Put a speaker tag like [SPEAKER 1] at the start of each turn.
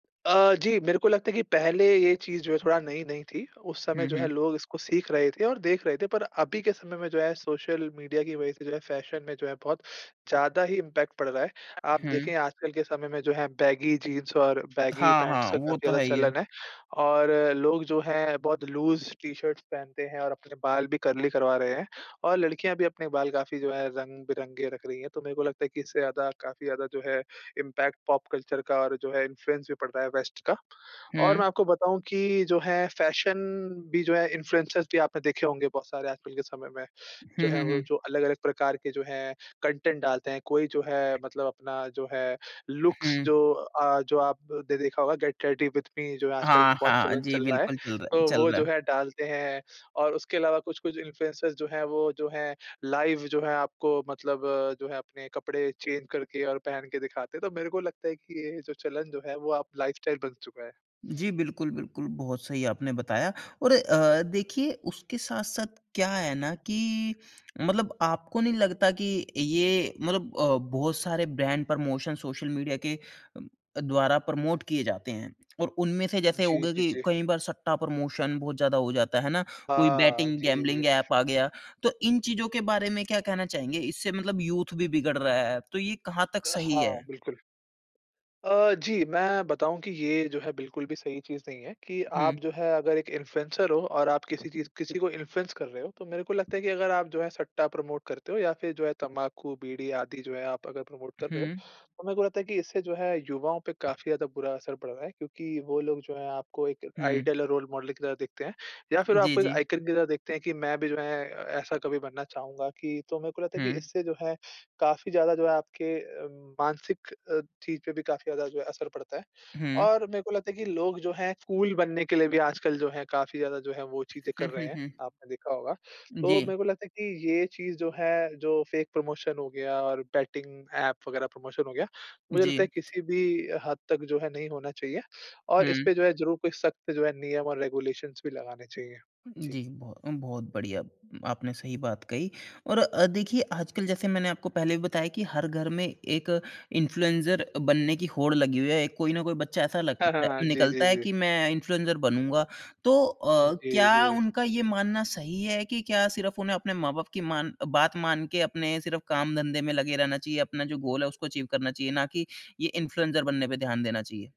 [SPEAKER 1] अ, जी मेरे को लगता है कि पहले ये चीज़ जो है थोड़ा नई-नई थी उस समय
[SPEAKER 2] हुँ,
[SPEAKER 1] जो है
[SPEAKER 2] हुँ।
[SPEAKER 1] लोग इसको सीख रहे थे और देख रहे थे। पर अभी के समय में जो है सोशल मीडिया की वजह से जो है फैशन में जो है बहुत ज़्यादा ही इम्पैक्ट पड़ रहा है। आप
[SPEAKER 2] हुँ।
[SPEAKER 1] देखे आजकल के समय में जो है बैगी जीन्स और बैगी
[SPEAKER 2] हाँ,
[SPEAKER 1] पैंट्स
[SPEAKER 2] हाँ।
[SPEAKER 1] का
[SPEAKER 2] वो
[SPEAKER 1] काफ़ी
[SPEAKER 2] तो
[SPEAKER 1] ज़्यादा
[SPEAKER 2] है ही है।
[SPEAKER 1] चलन है। और लोग जो हैं बहुत लूज़ टी-शर्ट्स पहनते हैं और अपने बाल भी कर्ली करवा रहे हैं। और लड़कियाँ भी अपने बाल काफ़ी जो है रंग-बिरंगे रख रही हैं। तो मेरे को लगता है कि इससे ज़्यादा काफ़ी ज़्यादा जो है इम्पैक्ट पॉप कल्चर का और जो है इन्फ्लुएंस भी पड़ रहा है वेस्ट का। और मैं
[SPEAKER 2] हुँ।
[SPEAKER 1] आपको बताऊँ कि जो है फैशन भी जो है इन्फ्लुएंसर्स भी आपने देखे होंगे बहुत सारे आजकल के समय में जो
[SPEAKER 2] हुँ,
[SPEAKER 1] है
[SPEAKER 2] हुँ,
[SPEAKER 1] वो
[SPEAKER 2] हुँ।
[SPEAKER 1] जो अलग-अलग प्रकार के जो है कंटेंट डालते हैं। कोई जो है मतलब अपना जो है लुक्स
[SPEAKER 2] हुँ।
[SPEAKER 1] जो अ, जो आपने देखा होगा गेट रेडी विद मी जो है आजकल
[SPEAKER 2] हाँ,
[SPEAKER 1] बहुत
[SPEAKER 2] हाँ।
[SPEAKER 1] चलन
[SPEAKER 2] जी
[SPEAKER 1] चल रहा है।
[SPEAKER 2] बिल्कुल, चल रहा है
[SPEAKER 1] तो
[SPEAKER 2] चल
[SPEAKER 1] वो
[SPEAKER 2] रहा
[SPEAKER 1] जो
[SPEAKER 2] है।
[SPEAKER 1] है डालते हैं। और उसके अलावा कुछ-कुछ इन्फ्लुएंसर्स जो हैं, वो जो हैं लाइव जो है आपको मतलब जो है अपने कपड़े चेंज करके और पहन के दिखाते हैं। तो मेरे को लगता है कि ये जो चलन जो है वो अब लाइफस्टाइल बन चुका है।
[SPEAKER 2] जी। बिल्कुल, बिल्कुल। बहुत सही आपने बताया। और अ, देखिए उसके साथ-साथ क्या है ना कि मतलब आपको नहीं लगता कि ये मतलब अ, बहुत सारे ब्रांड प्रमोशन सोशल मीडिया के द्वारा प्रमोट किए जाते हैं। और उनमें से जैसे हो
[SPEAKER 1] जी,
[SPEAKER 2] गया
[SPEAKER 1] जी,
[SPEAKER 2] कि
[SPEAKER 1] जी।
[SPEAKER 2] कई बार सट्टा प्रमोशन बहुत ज़्यादा हो जाता है, है ना? कोई
[SPEAKER 1] हाँ।
[SPEAKER 2] बेटिंग
[SPEAKER 1] जी, जी, जी।
[SPEAKER 2] गैंबलिंग ऐप आ गया। तो इन चीज़ों के बारे में क्या कहना चाहेंगे? इससे मतलब यूथ भी बिगड़ रहा है। तो ये कहाँ तक सही
[SPEAKER 1] हाँ,
[SPEAKER 2] है?
[SPEAKER 1] बिल्कुल। अ, जी। मैं बताऊँ कि ये जो है बिल्कुल भी सही चीज़ नहीं है। कि आप
[SPEAKER 2] हुँ।
[SPEAKER 1] जो है अगर एक इन्फ़्लुएंसर हो और आप किसी चीज़ किसी को इन्फ्लुएंस कर रहे हो तो मेरे को लगता है कि अगर आप जो है सट्टा प्रमोट करते हो या फिर जो है तम्बाकू, बीड़ी आदि जो है आप अगर प्रमोट कर रहे हो
[SPEAKER 2] हुँ।
[SPEAKER 1] तो मेरे को लगता है कि इससे जो है युवाओं पे काफ़ी ज़्यादा बुरा असर पड़ रहा है। क्योंकि वो लोग जो है आपको एक
[SPEAKER 2] हुँ।
[SPEAKER 1] आइडियल और रोल मॉडल की तरह देखते हैं या फिर
[SPEAKER 2] जी,
[SPEAKER 1] आपको एक
[SPEAKER 2] जी।
[SPEAKER 1] आइकॉन की तरह देखते हैं कि मैं भी जो है अ, ऐसा कभी बनना चाहूँगा। कि तो मेरे को लगता है कि
[SPEAKER 2] हुँ।
[SPEAKER 1] इससे जो है काफ़ी ज़्यादा जो है आपके अ, मानसिक अ, चीज़ पे भी काफ़ी ज़्यादा जो है असर पड़ता है।
[SPEAKER 2] हुँ।
[SPEAKER 1] और मेरे को लगता है कि लोग जो हैं कूल बनने के लिए भी आजकल जो है काफ़ी ज़्यादा जो है वो चीज़ें
[SPEAKER 2] हुँ,
[SPEAKER 1] कर रहे
[SPEAKER 2] हुँ,
[SPEAKER 1] हैं,
[SPEAKER 2] हुँ।
[SPEAKER 1] आपने देखा होगा। तो
[SPEAKER 2] जी।
[SPEAKER 1] मेरे को लगता है कि ये चीज़ जो है जो फ़ेक प्रमोशन हो गया और बेटिंग ऐप वगैरह प्रमोशन हो गया मुझे
[SPEAKER 2] जी।
[SPEAKER 1] लगता है किसी भी हद तक जो है नहीं होना चाहिए और
[SPEAKER 2] हुँ।
[SPEAKER 1] इसपे जो है ज़रूर कोई सख्त जो है नियम और रेगुलेशंस भी लगाने चाहिए। जी।
[SPEAKER 2] जी, बहुतम बहुत बढ़िया। आपने सही बात कही। और अ, देखिए आजकल जैसे मैंने आपको पहले भी बताया कि हर घर में एक इन्फ्लुएंसर बनने की होड़ लगी हुई है। कोई न कोई बच्चा ऐसा
[SPEAKER 1] हाँ, हाँ,
[SPEAKER 2] लगता
[SPEAKER 1] हाँ। जी, जी,
[SPEAKER 2] निकलता है
[SPEAKER 1] जी।
[SPEAKER 2] कि मैं इन्फ्लुएंसर बनूँगा। तो अ,
[SPEAKER 1] जी,
[SPEAKER 2] क्या
[SPEAKER 1] जी।
[SPEAKER 2] उनका ये मानना सही है कि क्या सिर्फ उन्हें अपने माँ-बाप की मान बात मान के अपने सिर्फ काम-धंधे में लगे रहना चाहिए? अपना जो गोल है उसको अचीव करना चाहिए? ना कि ये इन्फ्लुएंसर बनने पे ध्यान देना चाहिए?